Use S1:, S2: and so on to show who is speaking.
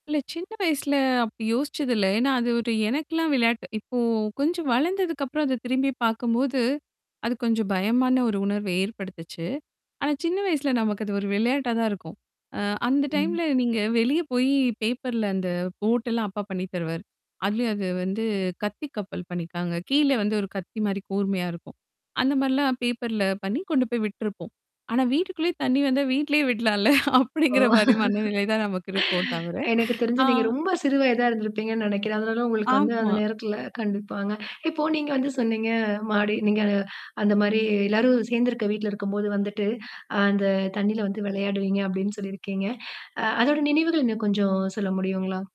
S1: இல்ல சின்ன வயசுல அப்டி யோசிச்சது இல்ல. ஏன்னா அது ஒரு எனக்கல்லாம் விளையாட்டு. இப்போ கொஞ்சம் வளர்ந்ததுக்குப்புறம் அத திரும்பி பார்க்கும்போது, அது கொஞ்சம் பயமான ஒரு உணர்வ ஏற்படுத்துச்சு. ஆனா சின்ன வயசுல நமக்கு அது ஒரு விளையாட்டா தான் இருக்கும். அ அந்த
S2: ம்.
S1: டைம்ல நீங்க வெளிய போயி பேப்பர்ல அந்த போட் எல்லாம் அப்பா பண்ணி தருவாரு. அதுலயும் அது வந்து கத்தி கப்பல் பண்ணிக்காங்க. கீழ வந்து ஒரு கத்தி மாரி கூர்மையா இருக்கும். அந்த மாரிலாம் பேப்பர்ல பண்ணி கொண்டு போய் விட்ருப்போம். ஆனா வீட்டுக்குள்ளயே தண்ணி வந்தா வீட்லேயே விட்லாம்ல.
S2: ஓ!
S1: அப்படிங்கிற மாரி மனநிலை தான் நமக்கு இருக்கும் தவர.
S2: எனக்கு தெரிஞ்சு
S1: ஆ
S2: நீங்க ரொம்ப சிறு வயதா இருந்திருப்பீங்கன்னு நெனைக்கிறேன். அதனால உங்களுக்கு வந்து அந்த
S1: ஆமா.
S2: நேரத்தல கண்டிப்பாங்க. இப்போ நீங்க வந்து சொன்னீங்க மாடி நீங்க அ அந்த மாரி எல்லாரும் சேர்ந்திருக்க வீட்ல இருக்கும்போது வந்துட்டு, அ அந்த தண்ணீல வந்து விளையாடுவீங்க அப்படின்னு சொல்லியிருக்கீங்க. அ அதோட நினைவுகள் இன்னும் கொஞ்சம் சொல்ல முடியுங்களா?